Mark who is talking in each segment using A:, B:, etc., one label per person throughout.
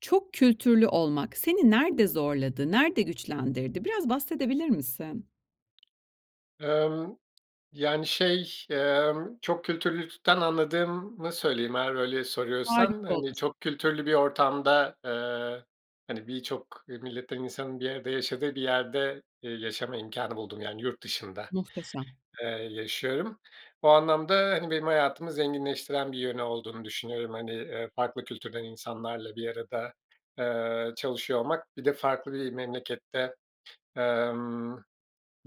A: Çok kültürlü olmak, seni nerede zorladı, nerede güçlendirdi? Biraz bahsedebilir misin?
B: Emm, yani, şey, emm, çok kültürlülükten anladığımı söyleyeyim. Eğer öyle
A: Harika
B: soruyorsan, hani,
A: olur.
B: çok kültürlü bir ortamda, eee, hani, birçok milletten insanın bir arada yaşadığı bir yerde, eee, yaşama imkânı buldum. Yani yurt dışında,
A: Muhteşem.
B: eee, yaşıyorum. O anlamda, hani, benim hayatımı zenginleştiren bir yönü olduğunu düşünüyorum. Hani, eee, farklı kültürden insanlarla bir arada, eee, çalışıyor olmak, bir de farklı bir memlekette, emm,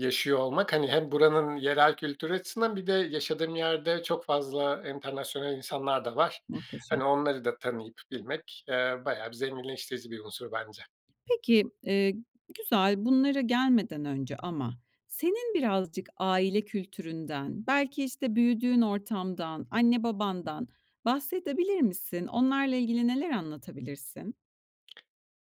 B: yaşıyor olmak, hani, hem buranın yerel kültürü açısından, bir de yaşadığım yerde çok fazla enternasyonal insanlar da var.
A: Muhteşem.
B: Hani, onları da tanıyıp bilmek, eee, bayağı bir zenginleştirici bir unsur bence.
A: Peki, eee, güzel. Bunlara gelmeden önce ama senin birazcık aile kültüründen belki, işte, büyüdüğün ortamdan, anne babandan bahsedebilir misin? Onlarla ilgili neler anlatabilirsin?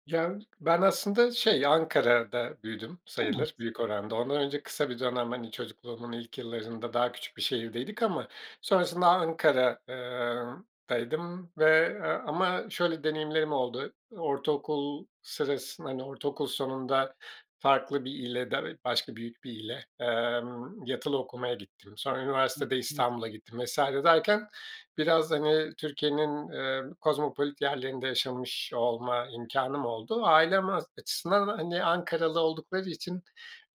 B: Ya, ben aslında, şey, Ankara'da büyüdüm
A: [unintelligible]
B: sayılır büyük oranda. Ondan önce kısa bir dönem, hani, çocukluğumun ilk yıllarında daha küçük bir şehirdeydik ama sonrasında Ankara ııı, daydım ve, ııı, ama şöyle deneyimlerim oldu, ortaokul sırasında, hani, ortaokul sonunda farklı bir ile da başka büyük bir ile, emm, yatılı okumaya gittim. Sonra
A: He,
B: üniversitede
A: anladım.
B: İstanbul'a gittim vs. derken biraz, hani, Türkiye'nin, eee, kozmopolit yerlerinde yaşamış olma imkânım oldu. Ailem az açısından, hani, Ankaralı oldukları için,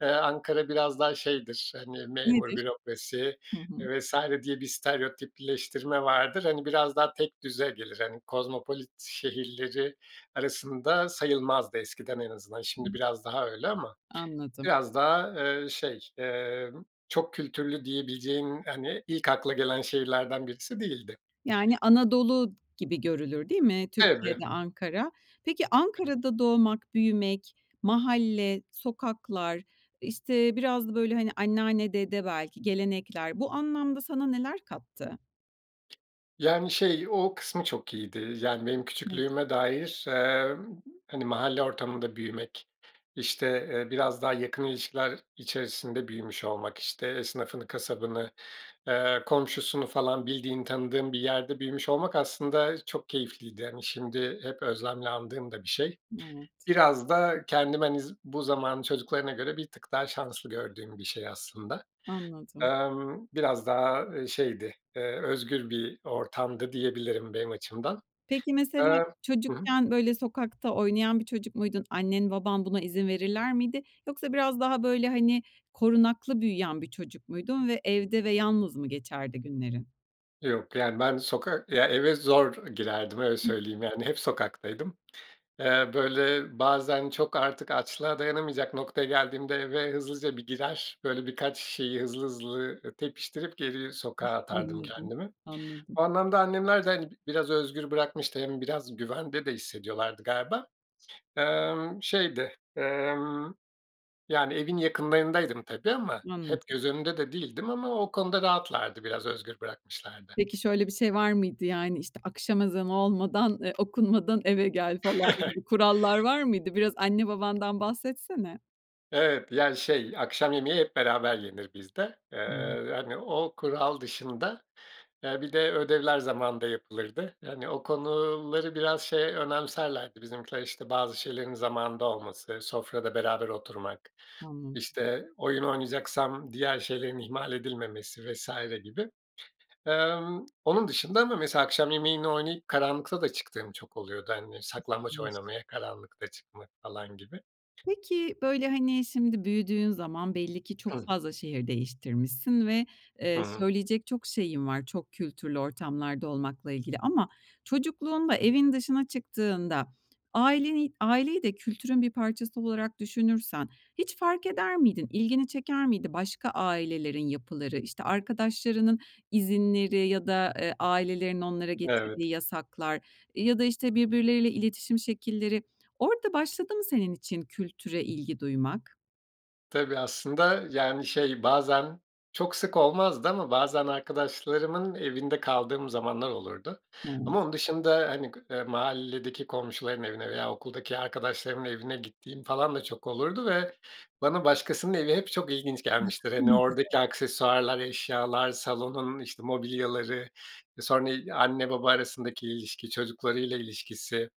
B: eee, Ankara biraz daha şeydir, hani, memur,
A: Nedir?
B: bürokrasi,
A: Hı hı.
B: eee, vs. diye bir stereotipleştirme vardır. Hani, biraz daha tekdüze gelir, hani, kozmopolit şehirleri arasında sayılmazdı, eskiden en azından. Şimdi biraz daha öyle ama
A: Anladım.
B: biraz daha, eee, şey, eee, çok kültürlü diyebileceğin, hani, ilk akla gelen şehirlerden birisi değildi.
A: Yani, Anadolu gibi görülür değil mi
B: Tabii.
A: Türkiye'de Ankara? Peki, Ankara'da doğmak, büyümek, mahalle, sokaklar, işte, biraz da, böyle, hani, anneanne, dede, belki gelenekler, bu anlamda sana neler kattı?
B: Yani, şey, o kısmı çok iyiydi. Yani, benim
A: [unintelligible]
B: küçüklüğüme dair, emm, hani, mahalle ortamında büyümek, işte, eee, biraz daha yakın ilişkiler içerisinde büyümüş olmak, işte, esnafını, kasabını, ııı, komşusunu falan bildiğin, tanıdığım bir yerde büyümüş olmak, aslında, çok keyifliydi. Hani, şimdi hep özlemle andığım da bir şey.
A: Evet.
B: Biraz da kendime, hani, z bu zamanın çocuklarına göre bir tık daha şanslı gördüğüm bir şey, aslında.
A: Anladım.
B: Imm, biraz daha, aaa, şeydi, ııı, özgür bir ortamdı diyebilirim benim açımdan.
A: Peki, mesela
B: Iıı Hı hı.
A: çocukken, böyle, sokakta oynayan bir çocuk muydun? Annen, baban buna izin verirler miydi? Yoksa biraz daha, böyle, hani, korunaklı büyüyen bir çocuk muydun ve evde ve yalnız mı geçerdi günlerin?
B: Yok, yani, ben bir sokak, ya, eve zor girerdim. Öyle söyleyeyim. Yani, hep sokaktaydım. Iıı, böyle, bazen çok artık açlığa dayanamayacak noktaya geldiğimde eve hızlıca bir girer. Böyle, birkaç şeyi hızlı hızlı tepiştirip geri sokağa atardım
A: Anladım.
B: kendimi.
A: Anladım.
B: O anlamda annemler de, hani, b biraz özgür bırakmıştı. Hem biraz güvende de hissediyorlardı galiba. Imm, şeydi, ımm, yani, evin yakınlarındaydım, tabii, ama hep
A: Anladım.
B: göz önünde de değildim ama o konuda rahatlardı, biraz özgür bırakmışlardı.
A: Peki, şöyle bir şey var mıydı? Yani, işte, akşam ezanı olmadan, eee, okunmadan eve gel falan gibi kurallar var mıydı? Biraz anne, babandan bahsetsene.
B: Evet, yani, şey, akşam yemeği hep beraber yenir bizde.
A: [unintelligible]
B: Eee, hani, o kural dışında, eee, bir de ödevler zamanında yapılırdı. Yani, o konuları biraz, şey, önemserlerdi bizimkiler, işte, bazı şeylerin zamanında olması, sofrada beraber oturmak,
A: Anladım.
B: işte, oyun oynayacaksam diğer şeylerin ihmal edilmemesi vs. gibi. Emm, onun dışında ama mesela akşam yemeğini oynayıp, karanlıkta da çıktığım çok oluyordu. Hani, saklambaç
A: [unintelligible]
B: oynamaya karanlıkta çıkmak falan gibi.
A: Peki, böyle, hani, şimdi büyüdüğün zaman belli ki çok
B: Hıh.
A: fazla şehir değiştirmişsin ve,
B: Hı
A: eee,
B: hı.
A: söyleyecek çok şeyin var. Çok kültürlü ortamlarda olmakla ilgili ama çocukluğunda evin dışına çıktığında aileni aileyi de kültürün bir parçası olarak düşünürsen hiç fark eder miydin? İlgini çeker miydi, başka ailelerin yapıları? İşte, arkadaşlarının izinleri ya da, eee, ailelerin onlara
B: Evet.
A: getirdiği yasaklar ya da, işte, birbirleriyle iletişim şekilleri, orada başladı mı senin için kültüre ilgi duymak?
B: Tabii aslında, yani, şey bazen, çok sık olmazdı ama bazen arkadaşlarımın evinde kaldığım zamanlar olurdu
A: [unintelligible]
B: ama onun dışında, hani, gı eee, mahalledeki komşuların evine veya okuldaki arkadaşlarımın evine gittiğim falan da çok olurdu ve bana başkasının evi hep çok ilginç gelmiştir. Hani, oradaki
A: [unintelligible]
B: aksesuarlar, eşyalar, salonun, işte, mobilyaları, sonra i anne baba arasındaki ilişki, çocuklarıyla ilişkisi.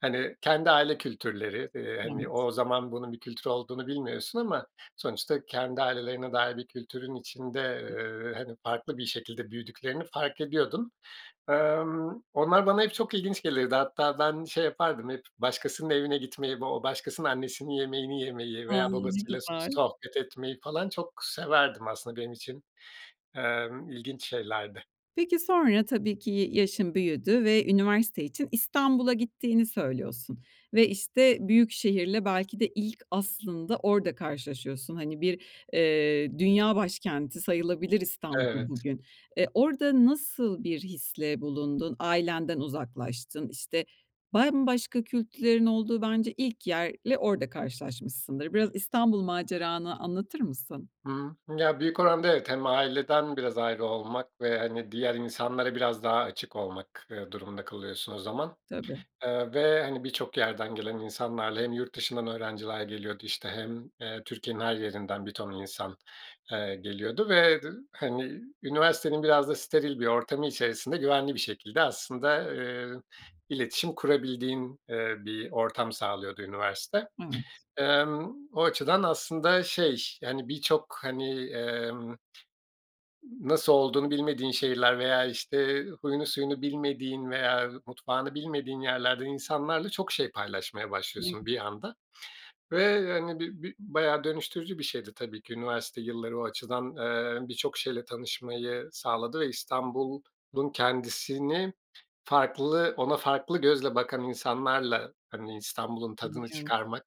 B: Hani, kendi aile kültürleri, eee, hani,
A: Evet.
B: o zaman bunun bir kültür olduğunu bilmiyorsun ama sonuçta kendi ailelerine dair bir kültürün içinde,
A: [unintelligible]
B: eee, hani, farklı bir şekilde büyüdüklerini fark ediyordum. Emm, onlar bana hep çok ilginç gelirdi. Hatta ben şey yapardım, hep başkasının evine gitmeyi, o başkasının annesinin yemeğini yemeyi
A: A!
B: veya
A: Ne
B: babasıyla so
A: güzel.
B: sohbet etmeyi falan çok severdim aslında benim için, emm, ilginç şeylerdi.
A: Peki, sonra, tabii ki y yaşın büyüdü ve üniversite için İstanbul'a gittiğini söylüyorsun ve, işte, büyük şehirle belki de ilk aslında orada karşılaşıyorsun. Hani, bir, eee, dünya başkenti sayılabilir İstanbul
B: Evet.
A: bugün. Eee, orada nasıl bir hisle bulundun? Ailenden uzaklaştın, işte, bambaşka kültürlerin olduğu bence ilk yerle orada karşılaşmışsındır. Biraz İstanbul maceranı anlatır mısın?
B: Hı, ya, büyük oranda, evet. Hem aileden biraz ayrı olmak ve, hani, diğer insanlara biraz daha açık olmak, eee, durumunda kalıyorsun o zaman.
A: Tabii.
B: Eee, ve, hani, birçok yerden gelen insanlarla hem yurt dışından öğrenciler geliyordu, işte, hem, eee, Türkiye'nin her yerinden bir ton insan, eee, geliyordu ve dı hani, üniversitenin biraz da steril bir ortamı içerisinde güvenli bir şekilde aslında, eee, iletişim kurabildiğin, eee, bir ortam sağlıyordu üniversite.
A: Evet.
B: Emm, o açıdan aslında şey, hani, birçok, hani, emm, nasıl olduğunu bilmediğin şehirler veya, işte, huyunu suyunu bilmediğin veya mutfağını bilmediğin yerlerden insanlarla çok şey paylaşmaya
A: Ne
B: başlıyorsun bir
A: güzel.
B: anda ve, hani, bi bi bayağı dönüştürücü bir şeydi tabii ki üniversite yilları o açıdan. Eee, birçok şeyle tanışmayı sağladı ve İstanbul'un kendisini farklı, ona farklı gözle bakan insanlarla, hani, İstanbul'un tadını
A: Anlıyorum.
B: çıkarmak,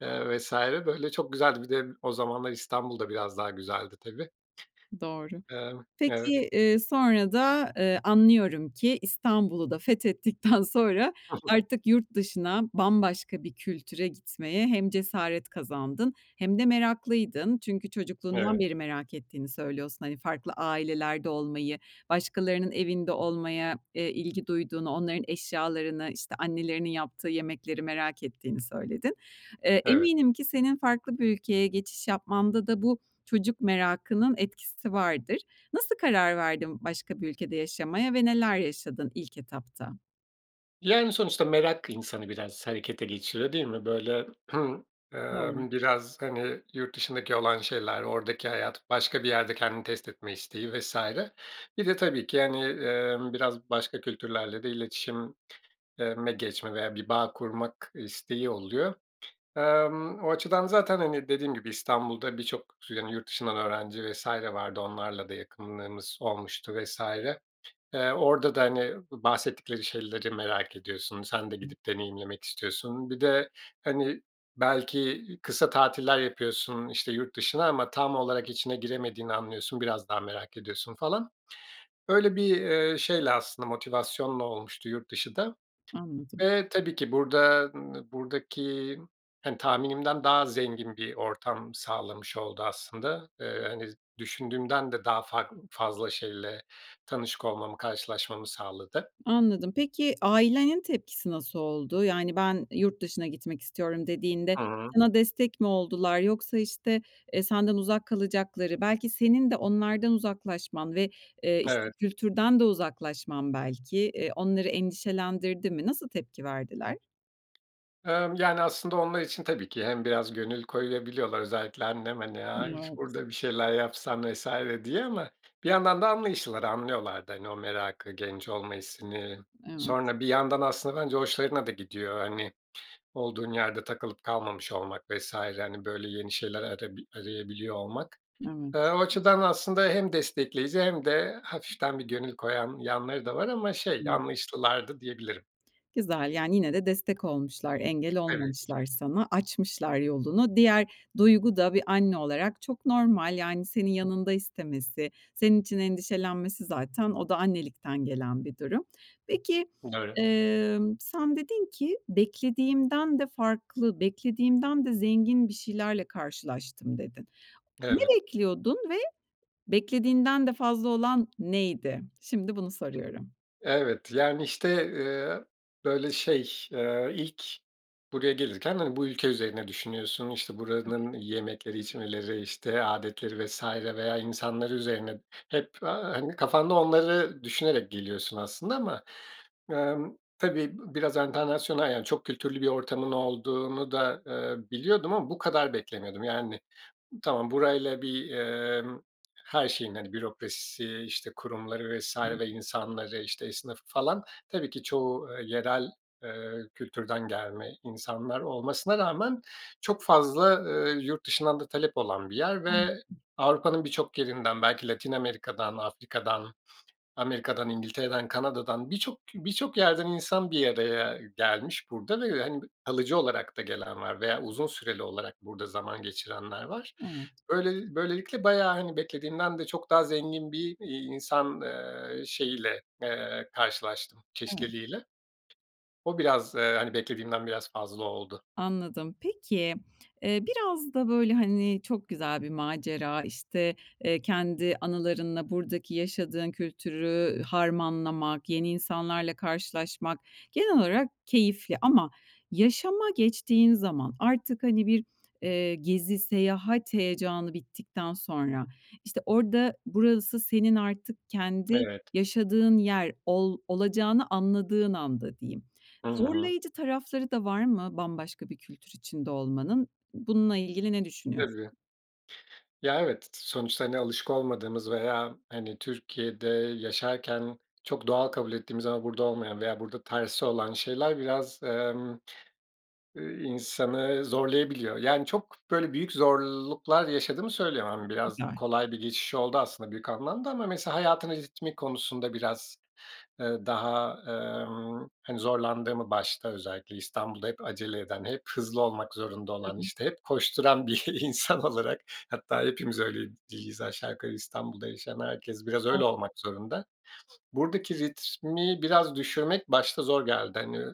B: eee, vs. böyle, çok güzeldi. Bir de o zamanlar İstanbul da biraz daha güzeldi tabii.
A: Doğru.
B: Emm, evet.
A: Peki, eee, sonra da, ııı, anlıyorum ki, İstanbul'u da fethettikten sonra
B: [unintelligible]
A: artık yurt dışına, bambaşka bir kültüre gitmeye hem cesaret kazandın hem de meraklıydın. Çünkü çocukluğundan
B: Evet.
A: beri merak ettiğini söylüyorsun, hani, farklı ailelerde olmayı, başkalarının evinde olmaya, eee, ilgi duyduğunu, onların eşyalarını, işte, annelerinin yaptığı yemekleri merak ettiğini söyledin. Eee,
B: Evet.
A: eminim ki senin farklı bir ülkeye geçiş yapmanda da bu çocuk merakının etkisi vardır. Nasıl karar verdin başka bir ülkede yaşamaya ve neler yaşadın ilk etapta?
B: Yani, sonuçta merak insanı biraz harekete geçiriyor, değil mi? Böyle,
A: Doğru.
B: ımm, biraz, hani, yurt dışındaki olan şeyler, oradaki hayat, başka bir yerde kendini test etme isteği vs. Bir de tabii ki hani, ımm, biraz başka kültürlerle de iletişim eee, me geçme veya bir bağ kurmak isteği oluyor. Emm, o açıdan zaten, hani, dediğim gibi İstanbul'da birçok, yani, yurt dışından öğrenci vs. vardı. Onlarla da yakınlığımız olmuştu vs. Eee, orada da, hani, bahsettikleri şeyleri merak ediyorsun, sen de gidip deneyimlemek istiyorsun. Bir de, hani, belki kısa tatiller yapıyorsun, işte, yurt dışına ama tam olarak içine giremediğini anlıyorsun. Biraz daha merak ediyorsun falan. Öyle bir, ııı, şeyle aslında motivasyonla olmuştu yurt dışı da.
A: Anladım.
B: Eee, tabii ki burada, ımm, buradaki, hani, tahminimden daha zengin bir ortam sağlamış oldu aslında. Eee, hani, düşündüğümden de daha fark fazla şeyle tanışık olmamı, karşılaşmamı sağladı.
A: Anladım. Peki, ailenin tepkisi nasıl oldu? Yani, "Ben, yurt dışına gitmek istiyorum" dediğinde
B: Hı hı.
A: sana destek mi oldular yoksa, işte, eee, senden uzak kalacakları, belki senin de onlardan uzaklaşman ve, eee, işte,
B: Evet.
A: kültürden de uzaklaşman belki, eee, onları endişelendirdi mi? Nasıl tepki verdiler?
B: Emm, yani, aslında onlar için tabii ki hem biraz gönül koyabiliyorlar. Özellikle annem, hani,
A: N
B: aaa, "İş
A: evet.
B: burada bir şeyler yapsan." vs. diye ama bir yandan da anlayışlılar, anlıyorlar da, hani, o merakı, genç olma hissini.
A: Evet.
B: Sonra bir yandan aslında bence hoşlarına da gidiyor. Hani, olduğun yerde takılıp kalmamış olmak vs. hani, böyle, yeni şeyler arabi arayabiliyor olmak. Eee,
A: Evet.
B: o açıdan aslında hem destekleyici hem de hafiften bir gönül koyan yanları da var ama, şey,
A: [unintelligible]
B: anlayışlılardı, diyebilirim.
A: Güzel. Yani, yine de destek olmuşlar, engel
B: Tabii ki.
A: olmamışlar sana, açmışlar yolunu. Diğer duygu da bir anne olarak çok normal. Yani, senin yanında istemesi, senin için endişelenmesi zaten o da annelikten gelen bir durum. Peki,
B: Doğru.
A: emm, sen dedin ki, "beklediğimden de farklı, beklediğimden de zengin bir şeylerle karşılaştım" dedin. Ne
B: Evet.
A: bekliyordun ve beklediğinden de fazla olan neydi? Şimdi bunu soruyorum.
B: Evet, yani, işte, eee, böyle, şey, eee, ilk buraya gelirken, hani, bu ülke üzerine düşünüyorsun. İşte,
A: Tabii.
B: buranın yemekleri, içmeleri, işte, âdetleri vs. veya insanları üzerine hep, aaa, hani, kafanda onları düşünerek geliyorsun aslında ama, emm, tabii b biraz enternasyonal yani çok kültürlü bir ortamın olduğunu da, eee, biliyordum ama bu kadar beklemiyordum. Yani, tamam, burayla bir, emm, her şeyin, hani, bürokrasisi, işte, kurumları vs.
A: [unintelligible]
B: insanları, işte, esnafı falan tabii ki çoğu, eee, yerel, eee, kültürden gelme insanlar olmasına rağmen çok fazla, eee, yurt dışından da talep olan bir yer ve
A: Anladım.
B: Avrupa'nın birçok yerinden belki Latin Amerika'dan, Afrika'dan, Amerika'dan, İngiltere'den, Kanada'dan birçok birçok yerden insan bir araya gelmiş burada ve, hani, b kalıcı olarak da gelen var veya uzun süreli olarak burada zaman geçirenler var.
A: Evet.
B: Böyle böylelikle bayağı, hani, beklediğimden de çok daha zengin bir, iii, insan, eee, şeyiyle, eee, karşılaştım
A: Evet.
B: çeşitliliğiyle. O biraz, eee, hani, beklediğimden biraz fazla oldu.
A: Anladım. Peki, eee, biraz da, böyle, hani, çok güzel bir macera, işte, eee, kendi anılarınla buradaki yaşadığın kültürü harmanlamak, yeni insanlarla karşılaşmak genel olarak keyifli ama yaşama geçtiğin zaman artık, hani, bir, eee, gezi, seyahat heyecanı bittikten sonra, işte, orada, burası senin artık kendi
B: Evet.
A: yaşadığın yer ol olacağını anladığın anda diyeyim,
B: Hı hı.
A: zorlayıcı tarafları da var mı bambaşka bir kültür içinde olmanın? Bununla ilgili ne düşünüyorsun?
B: Tabii. Ya, evet, t t sonuçta, hani, alışık olmadığımız veya, hani, Türkiye'de yaşarken çok doğal kabul ettiğimiz ama burada olmayan veya burada tersi olan şeyler biraz, emm, ııı, insanı zorlayabiliyor. Yani, çok, böyle, büyük zorluklar yaşadığımı söyleyemem. Biraz
A: Güzel.
B: kolay bir geçiş oldu aslında büyük anlamda ama mesela hayatımın ritmi konusunda biraz, eee, daha, emm, hani, zorlandığımı, başta özellikle İstanbul'da hep acele eden, hep hızlı olmak zorunda olan,
A: Tabii.
B: işte, hep koşturan bir insan olarak hatta hepimiz öyle diyiz aşağı yukarı İstanbul'da yaşayan herkes biraz öyle
A: Anladım.
B: olmak zorunda. Buradaki ritmi biraz düşürmek başta zor geldi. Hani,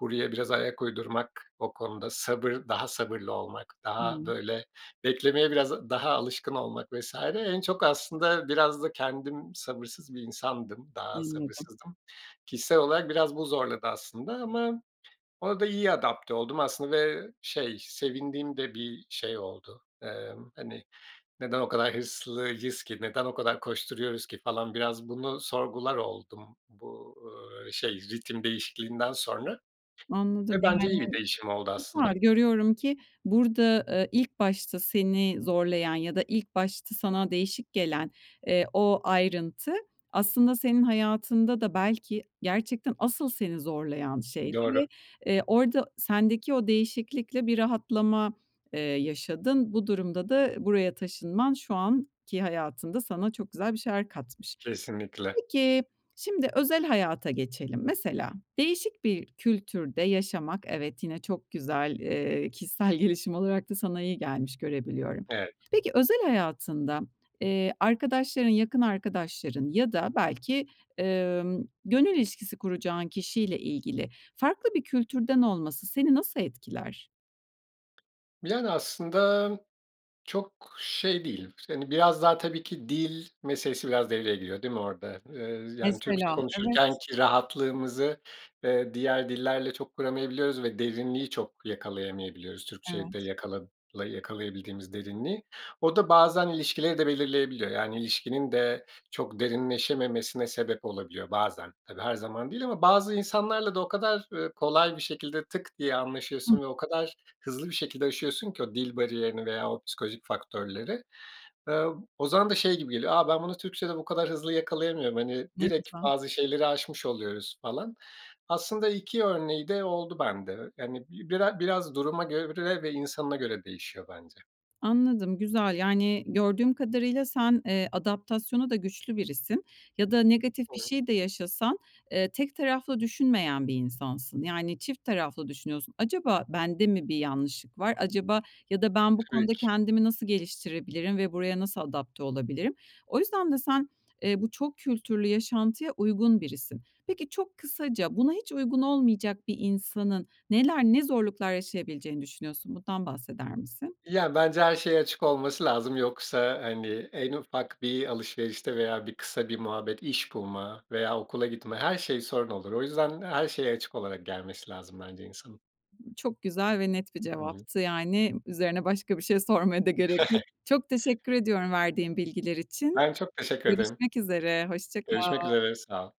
B: buraya biraz ayak uydurmak, o konuda sabır, daha sabırlı olmak, daha,
A: Hıı.
B: böyle, beklemeye biraz daha alışkın olmak vs. En çok aslında biraz da kendim sabırsız bir insandım. Daha
A: Anladım.
B: sabırsızdım. Kişisel olarak biraz bu zorladı aslında ama ona da iyi adapte oldum aslında ve, şey, sevindiğim de bir şey oldu. Emm, hani, "Neden o kadar hırslıyız ki, neden o kadar koşturuyoruz ki?" falan biraz bunu sorgular oldum. Bu, ööö, şey, ritim değişikliğinden sonra
A: Anladım.
B: ve bence
A: Yani,
B: iyi bir değişim oldu aslında.
A: güzel, görüyorum ki burada, eee, ilk başta seni zorlayan ya da ilk başta sana değişik gelen, eee, o ayrıntı aslında senin hayatında da belki gerçekten asıl seni zorlayan şeydi
B: Doğru.
A: ve, eee, orada sendeki o değişiklikle bir rahatlama, eee, yaşadın. Bu durumda da buraya taşınman şu anki hayatında sana çok güzel bir şeyler katmış.
B: Kesinlikle.
A: Peki, şimdi özel hayata geçelim. Mesela değişik bir kültürde yaşamak, evet, yine çok güzel, eee, kişisel gelişim olarak da sana iyi gelmiş, görebiliyorum.
B: Evet.
A: Peki, özel hayatında, eee, arkadaşların, yakın arkadaşların ya da belki, emm, gönül ilişkisi kuracağın kişiyle ilgili farklı bir kültürden olması seni nasıl etkiler?
B: Yani, aslında çok şey değil. Hani, biraz daha tabii ki dil meselesi biraz devreye giriyor, değil mi orada? Iıı, yani, Türkçe
A: Mesela, evet.
B: konuşurkenki rahatlığımızı, eee, diğer dillerle çok kuramayabiliyoruz ve derinliği çok yakalayamayabiliyoruz Türkçe'de
A: Evet.
B: yakala yakalayabildiğimiz derinliği. O da bazen ilişkileri de belirleyebiliyor. Yani ilişkinin de çok derinleşememesine sebep olabiliyor bazen. Tabii her zaman değil ama bazı insanlarla da o kadar, ııı, kolay bir şekilde tık diye
A: Hı.
B: anlaşıyorsun ve o kadar hızlı bir şekilde aşıyorsun ki o dil bariyerini veya o psikolojik faktörleri. Iıı, o zaman da şey gibi geliyor. A, ben bunu Türkçede bu kadar hızlı yakalayamıyorum. Hani,
A: Ne
B: direkt
A: güzel.
B: bazı şeyleri aşmış oluyoruz falan. Aslında 2 örneği de oldu bende, yani, bi bira biraz duruma göre ve insanına göre değişiyor bence.
A: Anladım, güzel. Yani, gördüğüm kadarıyla sen, eee, adaptasyonu da güçlü birisin. Ya da negatif bir
B: Doğru.
A: şey de yaşasan, eee, tek taraflı düşünmeyen bir insansın. Yani, çift taraflı düşünüyorsun, acaba bende mi bir yanlışlık var? Acaba ya da ben bu
B: Tabii
A: konuda
B: ki.
A: kendimi nasıl geliştirebilirim ve buraya nasıl adapte olabilirim? O yüzden de sen, eee, bu çok kültürlü yaşantıya uygun birisin. Peki, çok kısaca, buna hiç uygun olmayacak bir insanın neler, ne zorluklar yaşayabileceğini düşünüyorsun? Bundan bahseder misin?
B: Ya, bence her şeye açık olması lazım. Yoksa, hani, en ufak bir alışverişte veya bir kısa bir muhabbet, iş bulma veya okula gitme, her şey sorun olur. O yüzden her şeye açık olarak gelmesi lazım bence insanın.
A: Çok güzel ve net bir
B: Hı hı.
A: cevaptı. Yani, üzerine başka bir şey sormaya da gerek yok. Çok teşekkür ediyorum verdiğin bilgiler için.
B: Ben çok teşekkür ederim.
A: Görüşmek üzere. Hoşça
B: Görüşmek
A: kal.
B: üzere, sağ ol.